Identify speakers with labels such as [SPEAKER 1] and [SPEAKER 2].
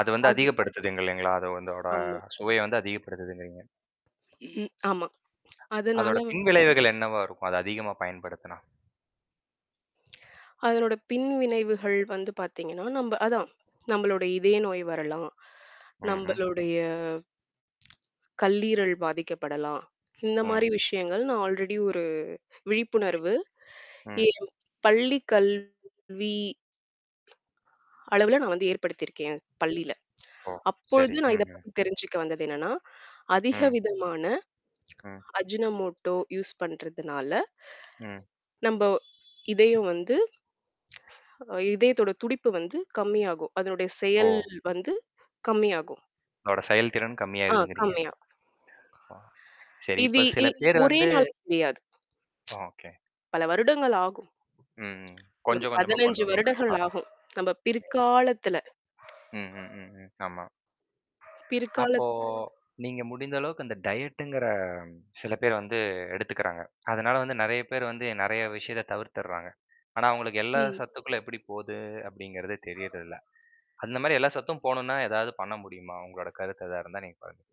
[SPEAKER 1] அது வந்து
[SPEAKER 2] அது.
[SPEAKER 1] அதிகப்படுத்துங்க இல்லேங்களா! அது அதோட
[SPEAKER 2] ஆமா.
[SPEAKER 1] சுவைய வந்து அதிகப்படுத்துதுங்கிறீங்க.
[SPEAKER 2] ம். ஆமா. அதனால
[SPEAKER 1] அதோட
[SPEAKER 2] வ
[SPEAKER 1] பின்விளைவுகள் என்னவா இருக்கும்? அத அதிகமா பயன்படுத்துனா?
[SPEAKER 2] அதனோட பின்விளைவுகள் வந்து பாத்தீங்கன்னா, நம்ப அதான் நம்மளோட இதய நோய் வரலாம்.
[SPEAKER 1] ம்ஹ்ம்.
[SPEAKER 2] நம்பளுடைய கல்லீரல் பாதிக்கப்படலாம். இந்தமாரி
[SPEAKER 1] ம்.
[SPEAKER 2] விஷயங்கள், நான் ஆல்ரெடி ஒரு விழிப்புணர்வு.
[SPEAKER 1] ம்.
[SPEAKER 2] [unintelligible] பள்ளி கல்வி அளவுல நான் வந்து ஏற்படுத்தியிருக்கேன் பள்ளில
[SPEAKER 1] ஓ!
[SPEAKER 2] அப்பொழுது
[SPEAKER 1] சரி.
[SPEAKER 2] நான் இத
[SPEAKER 1] ம்ஹ்ம்.
[SPEAKER 2] பத்தி தெரிஞ்சுக்க வந்தது என்னன்னா, அதிக
[SPEAKER 1] ம்.
[SPEAKER 2] விதமான
[SPEAKER 1] ம்.
[SPEAKER 2] அஜ்ஜுன மோட்டோ யூஸ் பண்றதுனால
[SPEAKER 1] ம்.
[SPEAKER 2] நம்ப இதயம் வந்து அ இதயத்தோட துடிப்பு வந்து கம்மியாகும். அதனுடைய செயல்
[SPEAKER 1] ஓ!
[SPEAKER 2] வந்து கம்மியாகும்.
[SPEAKER 1] உங்களோட செயல்திறன்
[SPEAKER 2] ஆ
[SPEAKER 1] கம்மியாகுதுங்கிறீங்க.
[SPEAKER 2] கம்மியா
[SPEAKER 1] ஆ. சரி
[SPEAKER 2] இது
[SPEAKER 1] இப்ப
[SPEAKER 2] இ
[SPEAKER 1] சில பேர்
[SPEAKER 2] ஒரே
[SPEAKER 1] வந்து
[SPEAKER 2] நாள் தெரியாது
[SPEAKER 1] ஓகே.
[SPEAKER 2] பல வருடங்கள் ஆகும்.
[SPEAKER 1] ம், ம்.
[SPEAKER 2] ஒரு
[SPEAKER 1] கொஞ்சம் கொஞ்சமா
[SPEAKER 2] 15
[SPEAKER 1] கொண்டு
[SPEAKER 2] வருடங்கள்
[SPEAKER 1] வரனுன்றீங்களா?
[SPEAKER 2] ஆகும் நம்ப பிற்காலத்துல.
[SPEAKER 1] [unintelligible] ம், ம் ம், ஆமா. அப்போ
[SPEAKER 2] பிற்காலத்து
[SPEAKER 1] நீங்க முடிந்த அளவுக்கு அந்த டயட்டுங்கிற சில பேர் வந்து எடுத்துக்கிறாங்க. அதனால வந்து நெறைய பேர் வந்து நெறைய விஷயத்த தவிர்த்துர்றாங்க. ஆனா, அவுங்களுக்கு எல்லா
[SPEAKER 2] ம்.
[SPEAKER 1] சத்துக்களும் எப்பிடி போது அப்பிடிங்கிறது தெரியறதில்ல. அந்தமாரி எல்லா சத்தும் போணுனா, ஏதாவது பண்ண முடியுமா? உங்களோட கருத்து எதா இருந்தா நீங்க பகிர்ந்து